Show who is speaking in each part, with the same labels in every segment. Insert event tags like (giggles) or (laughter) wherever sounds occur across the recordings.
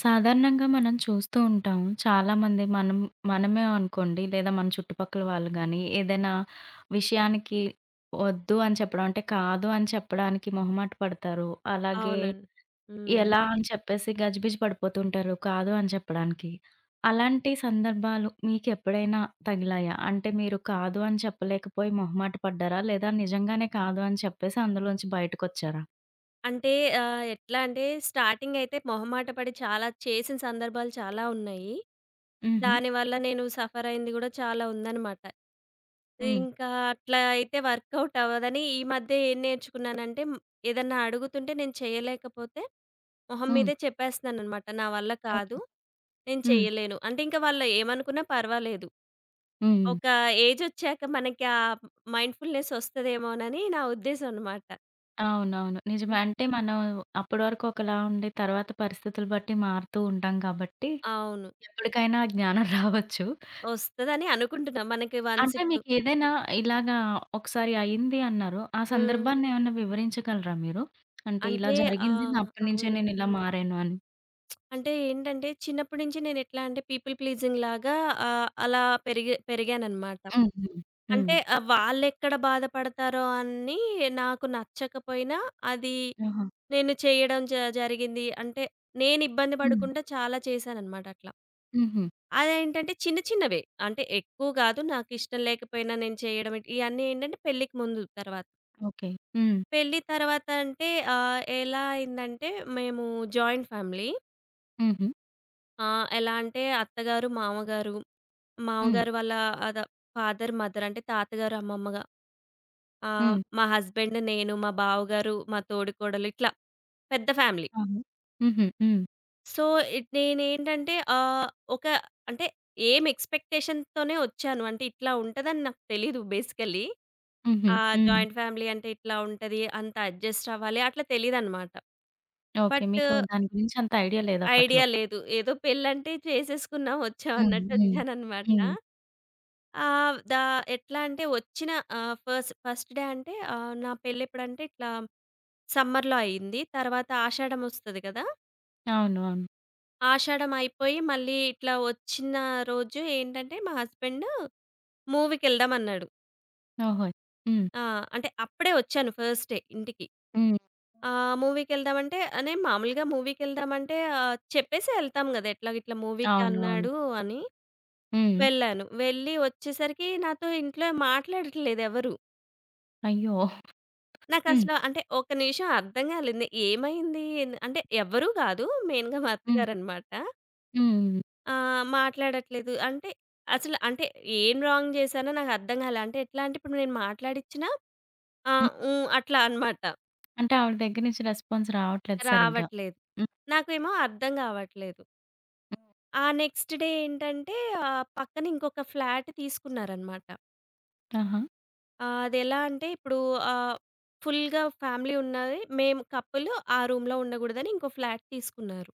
Speaker 1: సాధారణంగా మనం చూస్తూ ఉంటాం. చాలామంది, మనం మనమే అనుకోండి లేదా మన చుట్టుపక్కల వాళ్లు గానీ, ఏదైనా విషయానికి "వద్దు" అని చెప్పడం అంటే, "కాదు" అని చెప్పడానికి మొహమాటపడతారు. అలాగే
Speaker 2: అవునండి. హ్మ్.
Speaker 1: ఎలా అని చెప్పేసి గజిబిజి పడిపోతూ ఉంటారు. "కాదు" అని చెప్పడానికి. అలాంటి సందర్భాలు మీకెప్పుడైనా తగిలాయా? అంటే మీరు "కాదు" అని చెప్పలేకపోయి మొహమాట పడ్డారా? లేదా నిజంగానే "కాదు" అని చెప్పేసి అందులోంచి బయటకొచ్చారా?
Speaker 2: అంటే, ఆహ్, ఎట్లా అంటే, స్టార్టింగ్ అయితే మొహమాట పడి చాలా చేసిన సందర్భాలు చాలా ఉన్నాయి.
Speaker 1: హుహు.
Speaker 2: దానివల్ల నేను సఫర్ అయ్యింది కూడా చాలా ఉందన్నమాట.
Speaker 1: హ్మ్.
Speaker 2: ఇంకా అట్లా అయితే వర్క్‌అవుట్ అవ్వదని ఈ మధ్య ఏం నేర్చుకున్నానంటే, ఏదన్నా అడుగుతుంటే నేను చేయలేకపోతే మొహం
Speaker 1: హ్మ్.
Speaker 2: మీదే చెప్పేస్తున్నానన్నమాట. "నా వల్ల
Speaker 1: ఓకే.
Speaker 2: కాదు, నేను
Speaker 1: హ్మ్.
Speaker 2: చెయ్యలేను" అంటే, ఇంకా వాళ్ళు ఏమనుకున్నా పర్వాలేదు.
Speaker 1: హ్మ్.
Speaker 2: ఒక ఏజొచ్చాక మనకి ఆ మైండ్‌ఫుల్‌నెస్ ఒస్తదేమోనని నా ఉద్దేశం అన్నమాట.
Speaker 1: అవునవును, నిజమే.
Speaker 2: హ్మ్.
Speaker 1: అంటే, మనం అప్పటి వరకు ఒకలా ఉండి, తర్వాత పరిస్థితులను బట్టి మారుతూ ఉంటాం కాబట్టి
Speaker 2: అవును.
Speaker 1: ఎప్పటికైనా (chuckles) జ్ఞానం రావచ్చు.
Speaker 2: ఒస్తదని అనుకుంటున్నా మనకి వన్స్
Speaker 1: అంటే,
Speaker 2: ఇప్పుడు
Speaker 1: మీకేదైనా ఇలాగా ఒకసారి అయ్యింది అన్నారు. ఆ
Speaker 2: హ్మ్.
Speaker 1: సందర్భాన్నేమన్నా వివరించగలరా మీరు? అంటే, ఇలా
Speaker 2: అంటే, ఆ!
Speaker 1: జరిగింది. అప్పటినుంచే
Speaker 2: అవును.
Speaker 1: నేనిలా మారాను అని.
Speaker 2: (smacks lips) అంటే ఏంటంటే, చిన్నప్పటి నుంచి నేనెట్లా పీపుల్ ప్లీజింగ్‌లాగా ఆహ్, అలా పెరిగే పెరిగాననమాట.
Speaker 1: హుహు. హ్మ్.
Speaker 2: అంటే ఆహ్, వాళ్లెక్కడ బాధపడతారో అని నాకు నచ్చకపోయినా అది
Speaker 1: ఆహా!
Speaker 2: నేను చేయడం జ జరిగింది. అంటే నేనిబ్బంది
Speaker 1: హ్మ్.
Speaker 2: పడుకుంటా కూడా చాలా చేశాననమాట అట్లా.
Speaker 1: హుహు.
Speaker 2: అదేంటంటే చిన్న చిన్నవే, అంటే ఎక్కువ కాదు. నాకిష్టం లేకపోయినా నేను చేయడం. ఇయన్నీ ఏంటంటే పెళ్లికి ముందు, తర్వాత
Speaker 1: ఓకే. హ్మ్.
Speaker 2: పెళ్లి తర్వాత అంటే ఆహ్, ఎలా అయిందంటే మేము జాయింట్ ఫ్యామిలీ.
Speaker 1: హుహు.
Speaker 2: ఆ! ఎలా అంటే అత్త గారు, మావ గారు, మావ
Speaker 1: హ్మ్.
Speaker 2: గారి వాళ్ల ఆద ఫాదర్, మదర్ అంటే తాత గారు, అమ్మమ్మగా ఆహ్,
Speaker 1: హ్మ్.
Speaker 2: మా హస్బాండు నేను, మా బావగారు, మా తోడికోడలు ఇట్లా పెద్ద ఫ్యామిలీ.
Speaker 1: అవును. హుహు. హ్మ్.
Speaker 2: సో, ఇట్ నేనేంటంటే ఆహ్, ఒక అంటే ఏమి ఎక్స్‌పెక్టేషన్‌తోనే వచ్చాను. అంటే ఇట్లా ఉంటదని నాకు తెలీదు. బేసికల్లీ
Speaker 1: హుహు.
Speaker 2: ఆహ్,
Speaker 1: హ్మ్.
Speaker 2: జాయింట్ ఫ్యామిలీ అంటే ఇట్లా ఉంటది, అంత అడ్జస్ట్ అవ్వాలి అట్లా తెలీదనమాట.
Speaker 1: ఓకే.
Speaker 2: బట్టు
Speaker 1: మీకు దాని గురించంత ఐడియా లేదప్పట్లో.
Speaker 2: ఐడియా లేదు. ఏదో పెళ్లంటే చేసేసుకున్నాం, వచ్చాం
Speaker 1: హుహు.
Speaker 2: అన్నట్టు
Speaker 1: హ్మ్,
Speaker 2: వచ్చాననమాట.
Speaker 1: హ్మ్.
Speaker 2: ఆహ్, దా ఎట్లాంటే వచ్చిన ఆహ్, ఫస్ ఫస్ట్ డే అంటే ఆహ్, నా పెళ్లి ఎప్పుడంటే ఇట్లా సమ్మర్‌లో అయింది. తర్వాత ఆషాఢమొస్తది కదా!
Speaker 1: అవును, అవును.
Speaker 2: ఆషాఢం అయిపోయి మళ్ళీ ఇట్లా వచ్చిన రోజు ఏంటంటే మా హస్బాండు మూవీకేళ్దాం అన్నాడు.
Speaker 1: ఓహో! హ్మ్.
Speaker 2: ఆ! అంటే అప్పుడే వచ్చాను ఫస్ట్ డే ఇంటికి.
Speaker 1: హ్మ్. హ్మ్.
Speaker 2: ఆహ్, మూవీకేళ్దాం అంటే నేను మామూలుగా మూవీకేళ్దామంటే ఆహ్, చెప్పేసి యేళ్తాం కదా! ఎట్లా ఇట్లా మూవీకి
Speaker 1: అవును, అవును.
Speaker 2: అన్నాడు అని,
Speaker 1: హ్మ్.
Speaker 2: వెళ్ళాను. వెళ్ళి వచ్చేసరికి నాతో ఇంట్లో మాట్లాడట్లేదు ఎవరు.
Speaker 1: అయ్యో! హ్మ్.
Speaker 2: నాకసలు అంటే ఒక నిమిషం అర్థం కాలేదు నే ఏమైంది ఏం అంటే ఎవరు కాదు. మెయిన్‌గా మా
Speaker 1: హ్మ్.
Speaker 2: అత్తగారన్నమాట.
Speaker 1: హ్మ్.
Speaker 2: ఆ! మాట్లాడట్లేదు, అంటే అసలు అంటే ఏం రాంగ్ చేశానో నాకర్థం కాలే. అంటే ఎట్లా అంటే ఇప్పుడు నేను మాట్లాడిచ్చినా, "ఆ!
Speaker 1: హ్మ్.
Speaker 2: ఊ!" అట్లా అనమాట.
Speaker 1: అంటే ఆవిడ దగ్గర నుంచి రెస్పాన్స్ రావట్లేదు సరిగ్గా.
Speaker 2: రావట్లేదు.
Speaker 1: హ్మ్.
Speaker 2: నాకేమో అర్థం కావట్లేదు.
Speaker 1: హ్మ్.
Speaker 2: ఆ నెక్స్ట్ డే ఏంటంటే ఆ పక్కన ఇంకొక ఫ్లాట్ తీసుకున్నారన్నమాట.
Speaker 1: ఆహా!
Speaker 2: ఆహ్, అదేలా అంటే ఇప్పుడు ఆహ్, ఫుల్‌గా ఫ్యామిలీ ఉన్నది, మేము కపుల్లు, ఆ రూమ్‌లో ఉండకూడదని ఇంకో ఫ్లాట్ తీసుకున్నారు.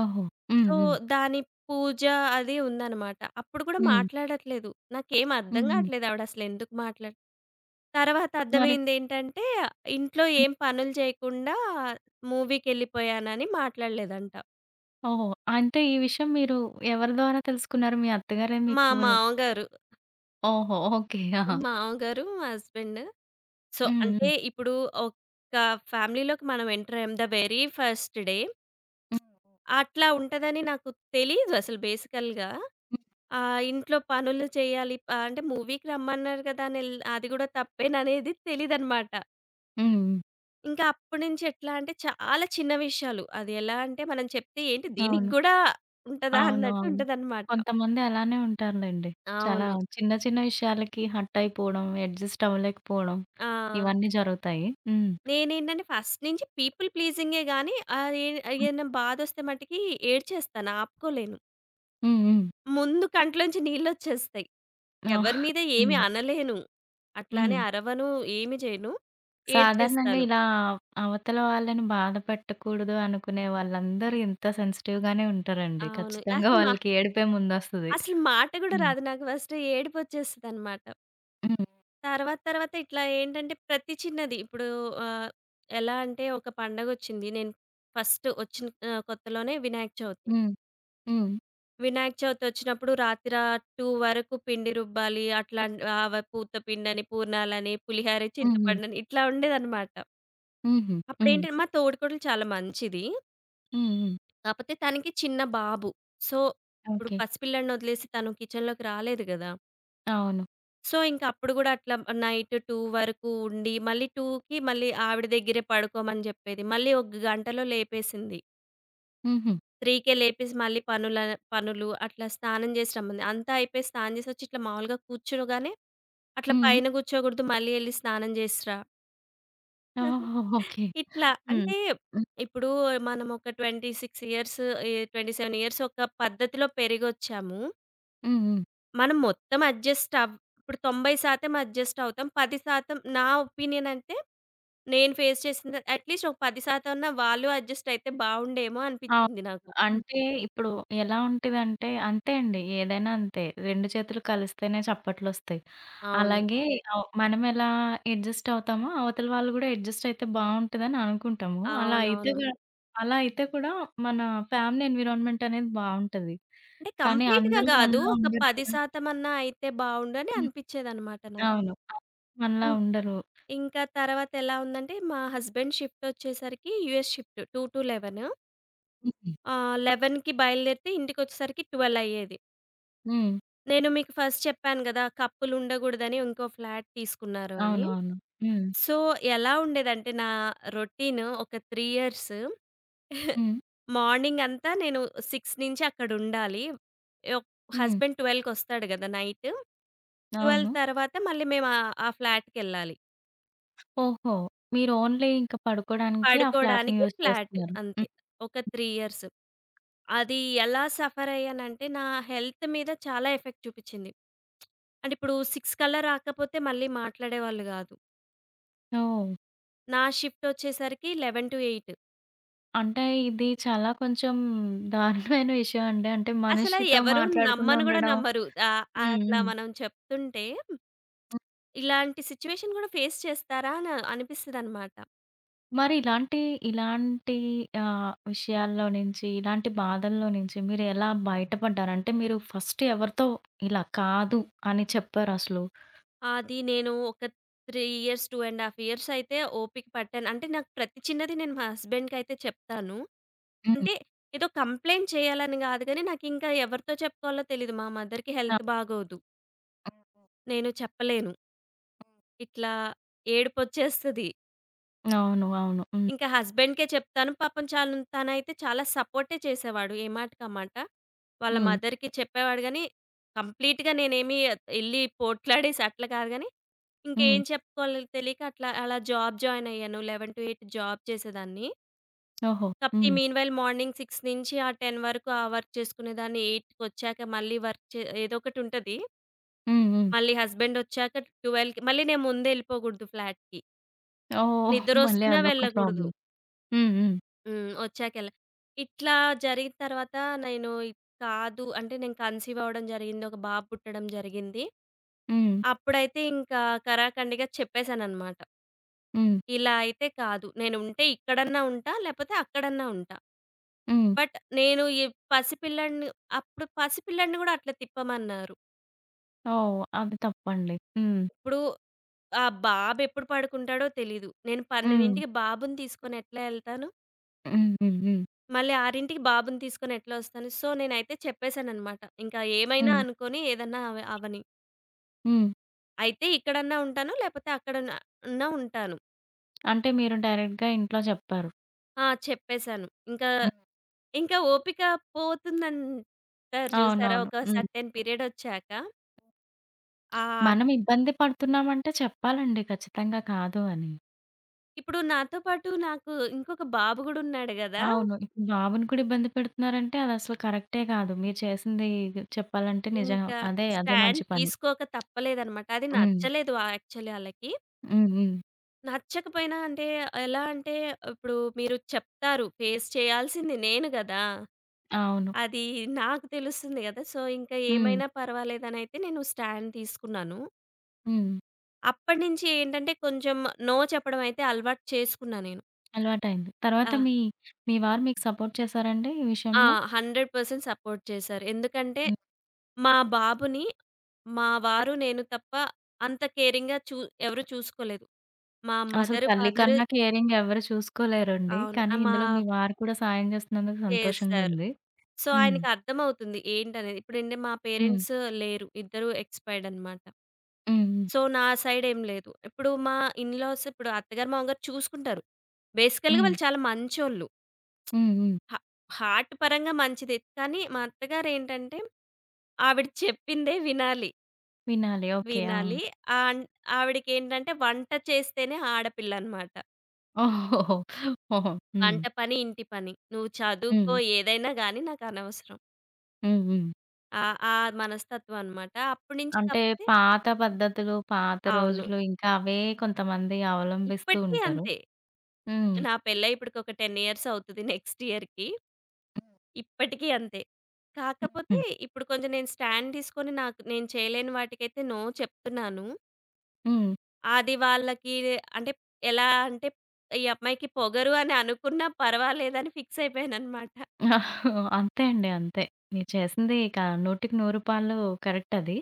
Speaker 1: ఓహో! హ్మ్.
Speaker 2: సో
Speaker 1: హ్మ్.
Speaker 2: దాని పూజ, అది ఉందన్నమాట. అప్పుడు కూడా
Speaker 1: హ్మ్.
Speaker 2: మాట్లాడట్లేదు. నాకేం అర్థం
Speaker 1: హుహు.
Speaker 2: గావట్లేదు, ఆవిడ అసలు ఎందుకు మాట్లా తరువాత
Speaker 1: మరి.
Speaker 2: అర్థమైంది ఏంటంటే, ఇంట్లో ఏం పనులు చేయకుండా మూవీకెళ్ళిపోయానని మాట్లాడలేదంట.
Speaker 1: ఓహో! అంటే, ఈ విషయం మీరు ఎవరి ద్వారా తెలుసుకున్నారు? మీ అత్తగారే
Speaker 2: మా
Speaker 1: మీకు ర్
Speaker 2: మామగారు
Speaker 1: ఓహో! ఓకే. ఆ!
Speaker 2: మామగారు మా హస్బెండ్ సో
Speaker 1: హ్మ్.
Speaker 2: అంటే,
Speaker 1: హ్మ్.
Speaker 2: ఇప్పుడు ఒక ఫ్యామిలీలోకి మనం ఎంటర్ అయ్యాం. ద వెరీ ఫస్ట్ డే (smacks lips)
Speaker 1: హ్మ్.
Speaker 2: అట్లా ఉంటదని నాకు తెలీదు అసలు బేసికల్‌గా
Speaker 1: హ్మ్.
Speaker 2: ఆ ఇంట్లో పనులు చెయ్యాలి. ఆహ్, అంటే, మూవీకి రమ్మన్నారు గదా! అని ఎల్ అది కూడా (giggles) తప్పేననేది తెలీదన్నమాట.
Speaker 1: హ్మ్. హ్మ్.
Speaker 2: ఇంకా అప్పుడినుంచి ఎట్లా అంటే, చాలా చిన్న విషయాలు. అది ఎలా అంటే, మనం చెప్తే ఏంటి దీనికి
Speaker 1: అవును.
Speaker 2: గూడా ఉంటదా?
Speaker 1: అవును. అవును.
Speaker 2: అన్నట్టుంటదన్నమాట.
Speaker 1: కొంతమంది అలానే ఉంటారులెండి. చాలా
Speaker 2: అవును.
Speaker 1: చిన్న చిన్న విషయాలకి హర్ట్ అయిపోవడం. ఎడ్జస్ట్ అవ్వలేకపోవడం
Speaker 2: ఆ!
Speaker 1: ఇవన్నీ జరుగుతాయి. హ్మ్
Speaker 2: నేనేంటంటే ఫస్ట్ నుంచి పీపుల్ ప్లీజింగే గాని ఆహ్, ఈ ఏదైనా బాధొస్తే మటికి ఏడ్చేస్తాను. ఆపుకోలేను.
Speaker 1: హ్మ్. హ్మ్.
Speaker 2: ముందు కంట్లో నుంచి నీళ్ళోచ్చేస్తాయి.
Speaker 1: ఆ!
Speaker 2: ఎవరి మీద ఏమి
Speaker 1: హ్మ్.
Speaker 2: అనలేను. అట్లానే
Speaker 1: హ్మ్.
Speaker 2: అరవను, ఏమి చేయను,
Speaker 1: సాధారణంగా
Speaker 2: ఏడ్చేస్తాను.
Speaker 1: ఇలా అవ్ అవతల వాళ్ళని బాధ పెట్టకూడదు అనుకునే వాళ్ళందరూ ఇంత సెన్సిటివ్ గానే ఉంటారండి
Speaker 2: అవును.
Speaker 1: ఖచ్చితంగా
Speaker 2: అసలు
Speaker 1: (chuckles)
Speaker 2: మా
Speaker 1: వాళ్ళకి ఏడిపే ముందొస్తది.
Speaker 2: అసలు మాట కూడా
Speaker 1: హ్మ్.
Speaker 2: రాదు. నాకు ఫస్ట్ ఏడుపొచ్చేస్తదన్నమాట.
Speaker 1: హ్మ్.
Speaker 2: తర్వాత తర్వాత ఇట్లా ఏంటంటే ప్రతి చిన్నది, ఇప్పుడు ఆహ్, ఎలా అంటే ఒక పండగొచ్చింది. నేను ఫస్టు వచ్చిన ఆహ్, కొత్తలోనే వినాయక చవితి.
Speaker 1: హ్మ్. హ్మ్.
Speaker 2: వినాయక చవితి ఒచ్చినప్పుడు రాతిరా 2 వరకు పిండి రుబ్బాలి. అట్లాంటి ఆహ్, వ పూతపిండని, పూర్ణాలని, పులిహోర,
Speaker 1: హ్మ్. హ్మ్.
Speaker 2: చింతపండుని ఇట్లా ఉండేదన్నమాట.
Speaker 1: హుహు.
Speaker 2: అప్పుడు
Speaker 1: హ్మ్.
Speaker 2: ఏంటి మా తోడికోడలు చాలా మంచిది.
Speaker 1: హ్మ్. హ్మ్.
Speaker 2: కాకపోతే తనకి చిన్న బాబు. సో, ఇప్పుడు
Speaker 1: ఓకే.
Speaker 2: పసిపిల్లాడిని ఒదిలేసి తను కిచెన్‌లోకి రాలేదు గదా!
Speaker 1: అవును.
Speaker 2: సో, ఇంక అప్పుడు కూడా అట్లా నైట్ 2 వరకు ఉండి, మళ్ళీ 2కి మళ్ళీ ఆవిడ దగ్గరే పడుకోమని చెప్పేది. మళ్ళీ ఒక గంటలో లేపేసింది.
Speaker 1: హుహు.
Speaker 2: 3కే లేపేసి మళ్ళీ పనులని పనులు. అట్లా స్నానం చేసి రమ్మంది. అంతా అయిపోయి స్నానం చేసొచ్చి ఇట్లా మామూలుగా కూర్చోగానే "అట్లా
Speaker 1: హ్మ్.
Speaker 2: పైన కూర్చోకూడదు, మళ్ళీ ఎళ్లి స్నానం చేసిరా." (chuckles)
Speaker 1: ఆహా! ఓకే.
Speaker 2: ఇట్లా.
Speaker 1: హ్మ్.
Speaker 2: అంటే
Speaker 1: హ్మ్.
Speaker 2: ఇప్పుడు మనము ఒక 26 ఇయర్స్ ఆహ్, 27 ఇయర్స్ ఒక పద్ధతిలో పెరిగొచ్చాము.
Speaker 1: హ్మ్, హ్మ్.
Speaker 2: మనం మొత్తం అడ్జస్ట్ అవ్ ఇప్పుడు 90% అడ్జస్ట్ అవుతాం, 10% నా ఒపీనియన్ అంటే, నేను ఫేస్ చేసిన అట్ లీస్ట్ ఒక 10% అన్నా వాళ్ళు అడ్జస్ట్ అయితే బాగుండేమో
Speaker 1: అవును.
Speaker 2: అనిపించింది నాకు.
Speaker 1: అంటే, ఇప్పుడు ఎలా ఉంటదంటే అంతే అండి. ఏదైనా అంతే. 2 చేతులు కలిస్తేనే చప్పట్లొస్తాయి.
Speaker 2: అవును.
Speaker 1: అలాగే ఆహ్, మనమేలా అడ్జస్ట్ అవుతామో అవతల వాళ్ళు కూడా అడ్జస్ట్ అయితే బావుంటుందని అనుకుంటాము. అలా అయితే
Speaker 2: అవునవును.
Speaker 1: గా అలా అయితే కూడా మన ఫ్యామిలీ ఎన్విరాన్మెంట్ అనేది బావుంటది.
Speaker 2: అంటే
Speaker 1: కానీ
Speaker 2: కంప్లీట్‌గా
Speaker 1: అందరూ
Speaker 2: కాదు.
Speaker 1: మనలా
Speaker 2: ఒక
Speaker 1: ఉండరు
Speaker 2: పది
Speaker 1: కదా!
Speaker 2: శాతం అన్నా అయితే బావుండు అని
Speaker 1: హ్మ్.
Speaker 2: అనిపించేదన్నమాట నాకు.
Speaker 1: అవును. అవును. మనలా
Speaker 2: ఇం
Speaker 1: ఉండరు.
Speaker 2: ఇంకా తర్వాత ఎలా ఉందంటే మా హస్బాండ్ షిఫ్ట్ వచ్చేసరికి యూఎస్ షిఫ్ట్ 2-11
Speaker 1: హుహు.
Speaker 2: ఆహ్, 11కి బయలుదేరితే ఇంటికొచ్చేసరికి 12 అయ్యేది.
Speaker 1: హ్మ్.
Speaker 2: నేను మీకు ఫస్ట్ చెప్పాను కదా! కపుల్ ఉండకూడదని ఇంకో ఫ్లాట్ తీసుకున్నారు అని.
Speaker 1: అవునవును. హ్మ్.
Speaker 2: సో, ఎలా ఉండేదంటే నా రొటీను ఒక త్రీ ఇయర్స్, (giggles)
Speaker 1: హ్మ్.
Speaker 2: మార్నింగ్ అంతా నేను 6 నుంచి అక్కడ ఉండాలి. ఓక్
Speaker 1: హ్మ్.
Speaker 2: హస్బాండ్ ట్వెల్వ్‌కొస్తాడు కదా! నైటు.
Speaker 1: (smacks lips)
Speaker 2: 12
Speaker 1: అవును.
Speaker 2: తర్వాత మళ్ళీ మేమా ఆ ఫ్లాట్‌కేళ్ళాలి.
Speaker 1: ఓహో! మీరు ఓన్లీ ఇంక పడుకోవడానికి ఆ ఫ్లాట్‌ని
Speaker 2: పడుకోడానికి
Speaker 1: యూజ్
Speaker 2: ఫ్లాట్
Speaker 1: చేస్తున్నారు.
Speaker 2: అంతే.
Speaker 1: హ్మ్.
Speaker 2: ఒక 3 ఇయర్స్ అది ఎలా సఫర్ అయ్యానంటే నా హెల్త్ మీద చాలా ఎఫెక్ట్ చూపిచ్చింది. (smacks lips) అంటే ఇప్పుడు 6 కల్లా రాకపోతే మళ్ళీ మాట్లాడేవాళ్ళు కాదు.
Speaker 1: ఓహ్!
Speaker 2: నా షిఫ్ట్ ఒచ్చేసరికి 11-8
Speaker 1: అంటే ఇది చాలా కొంచెం దారుణమైన విషయమండి. అంటే
Speaker 2: అసలా
Speaker 1: మనిషితో
Speaker 2: ఎవరు
Speaker 1: మాట్లాడకుండా
Speaker 2: నమ్మను కూడా
Speaker 1: ఉండడం
Speaker 2: నమ్మరు. ఆహ్,
Speaker 1: హ్మ్.
Speaker 2: అట్లా
Speaker 1: హ్మ్.
Speaker 2: మనం చెప్తుంటే ఇలాంటి సిట్యుయేషన్ కూడా ఫేస్ చేస్తారా అని అనిపిస్తదన్నమాట.
Speaker 1: మరిలాంటి ఇలాంటి ఆహ్, విషయాల్లో నుంచి, ఇలాంటి బాధల్లో నుంచి మీరు ఎలా బయటపడ్డారు? అంటే మీరు ఫస్ట్ ఎవరితో ఇలా కాదు అని చెప్పారసలు?
Speaker 2: అది నేను ఒక 3 ఇయర్స్, 2 1/2 ఇయర్స్ అయితే ఓపిక పట్టాను. అంటే నాకు ప్రతి చిన్నది నేను మా హస్బాండ్‌కయితే చెప్తాను.
Speaker 1: హ్మ్.
Speaker 2: అంటే ఏదో కంప్లెయింట్ చేయాలని కాదు కానీ నాకు ఇంకా ఎవరితో చెప్పుకోవాలో తెలియదు. మా మదర్‌కి
Speaker 1: అవు
Speaker 2: హెల్త్ బాగోదు.
Speaker 1: హుహు.
Speaker 2: నేను చెప్పలేను.
Speaker 1: హ్మ్.
Speaker 2: ఇట్లా ఏడుపొచ్చేస్తది.
Speaker 1: అవును. అవును. హ్మ్.
Speaker 2: ఇంకా హస్బెండ్‍కే చెప్తాను. పాపం చాన్ తానైతే చాలా సపోర్టే చేసేవాడు. ఏ మాటకి ఆ మాట. వాళ్ళ
Speaker 1: హ్మ్.
Speaker 2: మదర్‌కి చెప్పేవాడు గానీ. కంప్లీట్‌గా నేనేమి యేళ్లి పోట్లాడేసి అట్లా కాదు గాని. ఇంకా
Speaker 1: హ్మ్.
Speaker 2: ఏం చెప్పుకోవాలో తెలియక అట్లా, అలా జాబ్ జాయిన్ అయ్యాను. 11-8 జాబ్ చేసేదాన్ని.
Speaker 1: ఓహో!
Speaker 2: కపోతే
Speaker 1: హ్మ్.
Speaker 2: మీన్ వైల్ మార్నింగ్ 6 నుంచి ఆ 10 వరకు. ఆ వర్క్ చేసుకునేదాన్ని 8 కొచ్చాక మళ్ళీ వర్క్ చే ఏదో ఒకటి ఉంటది.
Speaker 1: హ్మ్. హ్మ్.
Speaker 2: మళ్ళీ హస్బండ్ వచ్చాక 12కి మళ్ళీ నేను ముందేళ్ళిపోకూడదు ఫ్లాట్‌కి.
Speaker 1: ఓహ్! మళ్ళీ
Speaker 2: నిద్రోస్తున్న
Speaker 1: అదొక
Speaker 2: వెళ్ళకూడదు.
Speaker 1: ప్రాబ్లమ్. హ్మ్. హ్మ్.
Speaker 2: హ్మ్. వచ్చాక ఎల్ల ఇట్లా జరిగిన తర్వాత, నేను కాదు అంటే నేను కన్సీవ్ అవ్వడం జరిగింది. ఒక బాబు పుట్టడం జరిగింది.
Speaker 1: హ్మ్.
Speaker 2: అప్పుడైతే ఇంకా కరాకండిగా చెప్పేసానన్నమాట.
Speaker 1: హ్మ్.
Speaker 2: ఇలా అయితే కాదు. నేను ఉంటే ఇక్కడన్నా ఉంటా. లేపోతే అక్కడన్నా ఉంటా.
Speaker 1: హ్మ్.
Speaker 2: బట్ నేను ఈ పసిపిల్లాడిని అప్పుడు పసిపిల్లాడిని కూడా అట్లా తిప్పమన్నారు.
Speaker 1: ఓహ్! అది తప్పండి. హ్మ్.
Speaker 2: ఇప్పుడు ఆ బాబు ఎప్పుడు పడుకుంటాడో తెలీదు. నేను
Speaker 1: హ్మ్.
Speaker 2: పన్నెండింటికి బాబుని తీసుకొని ఎట్లా యెళ్తాను?
Speaker 1: హ్మ్. హ్మ్. హ్మ్.
Speaker 2: మళ్ళీ 6కి బాబుని తీసుకొనెట్లా ఒస్తాను? సో, నేనైతే చెప్పేసానన్నమాట. ఇంకా ఏమైనా
Speaker 1: హ్మ్.
Speaker 2: అనుకోని ఏదన్నా అవ అవ్వని.
Speaker 1: హ్మ్.
Speaker 2: అయితే, ఇక్కడన్నా ఉంటాను లేపోతే, అక్కడన్నా అన్నా ఉంటాను.
Speaker 1: అంటే, మీరు డైరె‌క్ట్‌గా ఇంట్లో చెప్పారు.
Speaker 2: ఆ! చెప్పేసాను. ఇంకా,
Speaker 1: హ్మ్.
Speaker 2: ఇంక ఓపిక పోతుందంటారు చూసారా?
Speaker 1: అవునవును.
Speaker 2: ఒక
Speaker 1: హ్మ్.
Speaker 2: సర్‌టేన్ పీరియడొచ్చాక. ఆ ట్
Speaker 1: మనం ఇబ్బంది పడుతున్నాం అంటే చెప్పాలండి ఖచ్చితంగా కాదు అని.
Speaker 2: ఇప్పుడు నాతో పాటు నాకు ఇంకొక బాబు గూడా ఉన్నాడు గదా!
Speaker 1: అవును. ఇప్పుడు బాబుని కూడా ఇబ్బంది పెడుతున్నారంటే అదసలు కరెక్టే కాదు. మీరు చేసింది చెప్పాలంటే నిజంగా
Speaker 2: ఇంకా
Speaker 1: అదే, అదే
Speaker 2: స్టాండ్
Speaker 1: మంచి పని.
Speaker 2: తీసుకోక తప్పలేదన్నమాట. అది
Speaker 1: హ్మ్.
Speaker 2: నచ్చలేదు యాక్చువల్లీ ఆళ్ళకి.
Speaker 1: హ్మ్. హ్మ్.
Speaker 2: నచ్చకపోయినా అంటే, ఎలా అంటే, ఇప్పుడు మీరు చెప్తారు. ఫేస్ చేయాల్సింది నేను గదా!
Speaker 1: అవును.
Speaker 2: అది నాకు తెలుస్తుంది కదా! సో, ఇంకా
Speaker 1: హ్మ్.
Speaker 2: ఏమైనా పర్వాలేదనయితే నేను స్టాండ్ తీసుకున్నాను.
Speaker 1: హ్మ్.
Speaker 2: అప్పటినుంచి ఏంటంటే, కొంచెం నో చెప్పడం అయితే అలవాటు చేసుకున్నా నేను.
Speaker 1: అలవాటయింది. తర్వాత
Speaker 2: ఆ!
Speaker 1: మీ మీ వారు మీకు సపోర్ట్ చేసారా అండి ఈ
Speaker 2: ఆ!
Speaker 1: విషయంలో?
Speaker 2: 100% సపోర్ట్ చేశారు. ఎందుకంటే,
Speaker 1: హ్మ్.
Speaker 2: మా బాబుని మా వారు, నేను తప్ప అంత కేరింగ్‌గా చూ ఎవరు చూసుకోలేదు. మా
Speaker 1: (smacks lips) అసలు
Speaker 2: మదర్,
Speaker 1: తల్లి
Speaker 2: ఫాదర్
Speaker 1: కన్నా కేరింగ్ ఎవ్వరూ చూసుకోలేరండి.
Speaker 2: అవును. అ
Speaker 1: కానీ,
Speaker 2: మా
Speaker 1: ఇందులో మీ వారు కూడా సాయం చేస్తున్నందుకు
Speaker 2: చేశారు.
Speaker 1: సంతోషంగుంది.
Speaker 2: సో,
Speaker 1: హ్మ్.
Speaker 2: ఆయనకర్థమవుతుంది ఏంటనేది. ఇప్పుడంటే మా
Speaker 1: హ్మ్.
Speaker 2: పేరెంట్స్ లేరు. ఇద్దరూ ఎక్స్‌పైర్డ్ అన్నమాట.
Speaker 1: హ్మ్. హ్మ్.
Speaker 2: సో, నా సైడ్ ఏం లేదు. ఇప్పుడు మా ఇన్ లాస్ ఇప్పుడు అత్తగారు, మామగారు చూసుకుంటారు. బేసికల్‌గా,
Speaker 1: హ్మ్.
Speaker 2: వాళ్ళు చాలా మంచోళ్ళు.
Speaker 1: హ్మ్. హ్మ్.
Speaker 2: హ హార్ట్ పరంగా మంచిదే. కానీ, మా అత్తగారేంటంటే, ఆవిడ చెప్పిందే వినాలి.
Speaker 1: వినాలి. ఓకే. ఆ!
Speaker 2: వినాలి. ఆన్ ఆవిడికేంటంటే వంట చేస్తేనే ఆడపిల్లనమాట.
Speaker 1: (chuckles) ఓహోహో! హొహొ! హ్మ్.
Speaker 2: వంట పని, ఇంటి పని. నువ్వు చదువుకో
Speaker 1: హ్మ్.
Speaker 2: ఏదైనా గాని నాకనవసరం.
Speaker 1: హ్మ్. హ్మ్.
Speaker 2: ఆహ్ ఆ మనస్తత్వమనమాట. అప్పటి నుంచి
Speaker 1: అంటే
Speaker 2: కాపోతే
Speaker 1: పాత పద్ధతులు, పాత
Speaker 2: అవును.
Speaker 1: రోజులు ఇంకా అవే కొంత మంది అవలంభిస్తూ
Speaker 2: ఇప్పటికి
Speaker 1: ఉంటారు.
Speaker 2: అంతే.
Speaker 1: హ్మ్.
Speaker 2: నా పెళ్లయి ఇప్పడికి ఒక 10 ఇయర్స్ అవుతది. నెక్స్ట్ ఇయర్‌కి. ఇప్పటికీ అంతే. కాకపోతే
Speaker 1: హ్మ్.
Speaker 2: ఇప్పుడు కొంచెం నేను స్టాండ్ తీసుకొని నాక్ నేను చేయలేని వాటికైతే నో చెప్తున్నాను.
Speaker 1: హ్మ్.
Speaker 2: అది వాళ్ళకిదే అంటే ఎలా అంటే "ఈ అమ్మాయికి పొగరు" అని అనుకున్నా పర్వాలేదని ఫిక్స్ (giggles) అయిపోయానన్నమాట.
Speaker 1: (chuckles) అంతే అండి. అంతే. మీరు చేసింది ఇక నూటికి నూరు పాళ్ళు కరెక్ట్ అది.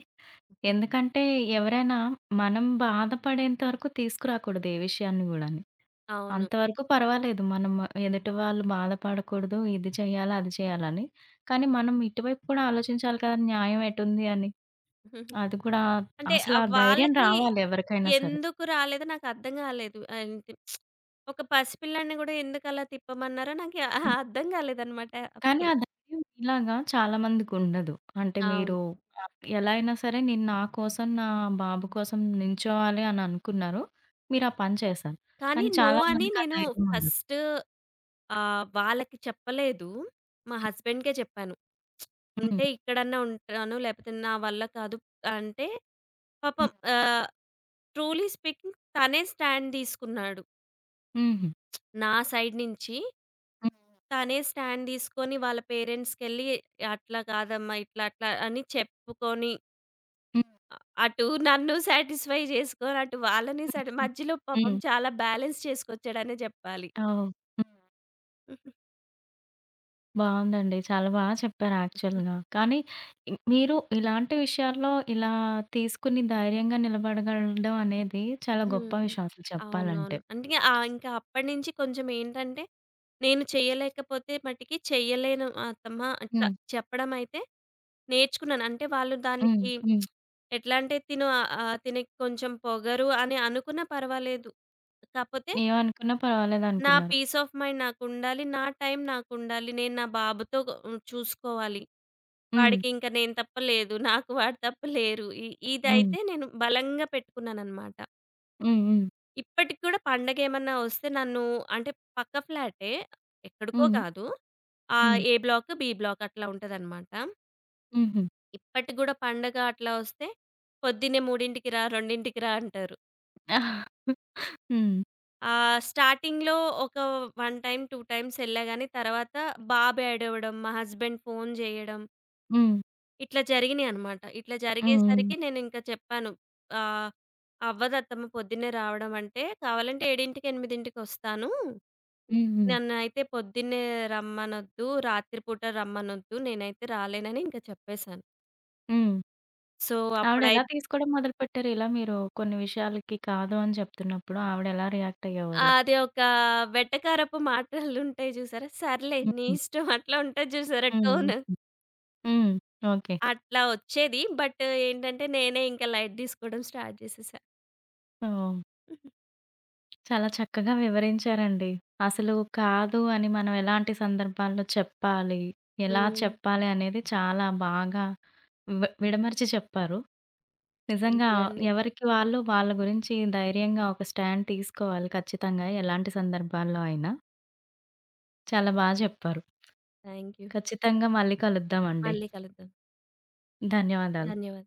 Speaker 1: ఎందుకంటే ఎవరైనా మనం బాధపడేంత వరకు తీసుకురాకూడదు ఏ విషయాన్ని గూడాను.
Speaker 2: అవును.
Speaker 1: అంతవరకు పర్వాలేదు. మనం ఎదుటివాళ్ళు బాధపడకూడదు ఇది చేయాలా, అది చేయాలని. కానీ మనం ఇటువైపు కూడా ఆలోచించాలి కదా! న్యాయం ఎటుంది అని.
Speaker 2: (giggles)
Speaker 1: అది కూడా
Speaker 2: అంటే ఆ
Speaker 1: అసలా ధైర్యం
Speaker 2: వాళ్ళకి
Speaker 1: రావాలి ఎవరికైనా సరే.
Speaker 2: ఎందుకు రాలేదో నాకర్థం కాలేదు. అంటే (smacks lips) ఒక పసిపిల్లాడిని కూడా ఎందుకలా తిప్పమన్నారో నాకు (chuckles) అర్థం కాలేదన్నమాట
Speaker 1: కానీ
Speaker 2: అప్పుడు.
Speaker 1: ఆ ధైర్యం మీలాగా చాలా మందికి ఉండదు. అంటే
Speaker 2: అవును.
Speaker 1: మీరు ఆహ్, ఎలా అయిన సరే నేను నా కోసం, నా బాబు కోసం నించోవాలి అని అనుకున్నారు. మీరా పని చేసారు.
Speaker 2: కానీ
Speaker 1: కానీ
Speaker 2: నో
Speaker 1: చాలా
Speaker 2: అని
Speaker 1: మందికి ఆ
Speaker 2: నేను
Speaker 1: ధైర్యం ఉండదు.
Speaker 2: ఫస్టు ఆహ్, వాళ్ళకి చెప్పలేదు. మా హస్బండ్‌కే చెప్పాను. (smacks lips) అంటే
Speaker 1: హ్మ్.
Speaker 2: ఇక్కడన్నా ఉంటాను లేపోతే నా వల్ల కాదు. అంటే, పాపం
Speaker 1: హ్మ్.
Speaker 2: ఆహ్, ట్రూలీ స్పీకింగ్ తనే స్టాండ్ తీసుకున్నాడు.
Speaker 1: హుహు.
Speaker 2: (smacks lips) నా సైడ్ నుంచి
Speaker 1: హ్మ్.
Speaker 2: తనే స్టాండ్ తీసుకొని, వాళ్ళ పేరెంట్స్‌కిళ్లి అట్లా కాదమ్మా ఇట్లా, అట్లా అని చెప్పుకొని
Speaker 1: హ్మ్.
Speaker 2: అ అటు నన్ను సాటిస్ఫై చేసుకొని, అటు వాళ్ళని సాట్
Speaker 1: హుహు.
Speaker 2: మధ్యలో పాపం
Speaker 1: హ్మ్.
Speaker 2: చాలా బాలన్స్ చేసుకొచ్చాడనే చెప్పాలి.
Speaker 1: ఆ! ఓహ్! హ్మ్.
Speaker 2: హుహు.
Speaker 1: బాగుందండి. చాలా బాగా చెప్పారు
Speaker 2: హుహు.
Speaker 1: యాక్చువల్‌గా. కానీ, ఇం మీరు ఇలాంటి విషయాల్లో ఇలా తీసుకొని, ధైర్యంగా నిలబడగలగడం అనేది చాలా గొప్ప
Speaker 2: హ్మ్.
Speaker 1: విషయం అసల
Speaker 2: అవునవును.
Speaker 1: చెప్పాలంటే.
Speaker 2: అందుకే ఆహ్, ఇంకా అప్పటినుంచి కొంచెం ఏంటంటే, నేను చేయలేకపోతే మటుకి చేయలేను అత్తమ్మా, అట్లా
Speaker 1: హ్మ్.
Speaker 2: చెప్పడమయితే నేర్చుకున్నాను. అంటే వాళ్ళు
Speaker 1: హ్మ్,
Speaker 2: దానికి (smacks lips)
Speaker 1: హ్మ్.
Speaker 2: ఎట్లా అంటే తిను ఆహ్, తినకీ కొంచెం పొగరు అని అనుకున్నా పర్వాలేదు. కాపోతే
Speaker 1: ఏమనుకున్నా
Speaker 2: నా
Speaker 1: పర్వాలేదనుకున్నారు.
Speaker 2: పీస్ ఆఫ్ మైండ్ నాకుండాలి. నా టైం నాకుండాలి. నేను నా బాబుతో చూసుకోవాలి.
Speaker 1: హ్మ్.
Speaker 2: వాడికి ఇంకా నేను తప్ప లేరు. నాకు వాడు తప్ప లేరు. ఇ
Speaker 1: హ్మ్.
Speaker 2: ఇదైతే నేను బలంగా పెట్టుకున్నానన్నమాట.
Speaker 1: హ్మ్, హ్మ్.
Speaker 2: ఇప్పటికీ కూడా, పండగేమన్నా వస్తే నన్ను అంటే పక్క ఫ్లాటే. ఎక్కడికో
Speaker 1: హ్మ్.
Speaker 2: కాదు. ఆహ్,
Speaker 1: హ్మ్.
Speaker 2: ఏ బ్లాకు, బీ బ్లాకు అట్లా ఉంటాదన్నమాట.
Speaker 1: హుహు.
Speaker 2: ఇప్పటికీ కూడా పండగ అట్లా వస్తే, "పొద్దున్నే మూడింటికి రా, రెండింటికి రా" అంటారు.
Speaker 1: (chuckles) హ్మ్.
Speaker 2: ఆహ్, స్టార్టింగ్‌లో ఒక 1 టైమ్ ,2 టైమ్స్ వెళ్లా కానీ తర్వాత బాబు ఏడవడం, మా హస్బాండ్ ఫోన్ జేయడం
Speaker 1: హ్మ్.
Speaker 2: ఇట్లా జరిగినాయన్నమాట. ఇట్లా
Speaker 1: హ్మ్.
Speaker 2: జరిగేసరికి
Speaker 1: హ్మ్.
Speaker 2: నేనింకా చెప్పాను, ఆహ్, అవ్వదు అత్తమ్మ. పొద్దున్నే రావడం అంటే కావాలంటే ఏడింటికి ఎనిమిదింటికి వస్తాను.
Speaker 1: హుహు.
Speaker 2: నన్నైతే పొద్దున్నే రమ్మనొద్దు, రాత్రిపూట రమ్మనొద్దు. నేనైతే రాలేనని ఇంకా చెప్పేసాను.
Speaker 1: హ్మ్.
Speaker 2: సో,
Speaker 1: ఆవిడ ఎలా
Speaker 2: అప్పుడైతే
Speaker 1: తీసుకోవడం మొదలుపెట్టారు? ఇలా మీరు కొన్ని విషయాలకి కాదు అని చెప్తున్నప్పుడు ఆవిడెలా రియాక్ట్ అయ్యేవారు?
Speaker 2: అది ఒక వెటకారపు మాటలుంటాయి చూసారా! "సర్లే, నీ
Speaker 1: హుహు.
Speaker 2: ఇష్టం." అట్లా ఉంటది చూసారా
Speaker 1: హ్మ్.
Speaker 2: టోన్.
Speaker 1: హ్మ్, ఓకే.
Speaker 2: అట్లా వచ్చేది. బట్ ఏంటంటే నేనే ఇంకా లైట్ తీసుకోవడం స్టార్ట్ చేసేసా.
Speaker 1: ఓహ్!
Speaker 2: (giggles)
Speaker 1: చాలా చక్కగా వివరించారండి. అసలు కాదు అని మనం ఎలాంటి సందర్భాల్లో చెప్పాలి, ఎలా
Speaker 2: హ్మ్.
Speaker 1: చెప్పాలి అనేది చాలా బాగా వి విడమరిచి చెప్పారు.
Speaker 2: థాంక్
Speaker 1: నిజంగా
Speaker 2: యూ అండి.
Speaker 1: ఎవరికి వాళ్ళు వాళ్ళ గురించి ధైర్యంగా ఒక స్టాండ్ తీసుకోవాలి ఖచ్చితంగా ఎలాంటి సందర్భాల్లో అయినా. చాలా
Speaker 2: సరే
Speaker 1: బా
Speaker 2: హ్మ్.
Speaker 1: చెప్పారు.
Speaker 2: Thank you.
Speaker 1: కచ్చితంగా మళ్ళీ కలుద్దాం అండి.
Speaker 2: మళ్ళీ కలుద్దాం.
Speaker 1: ధన్యవాదాలు.
Speaker 2: ధన్యవాదాలు.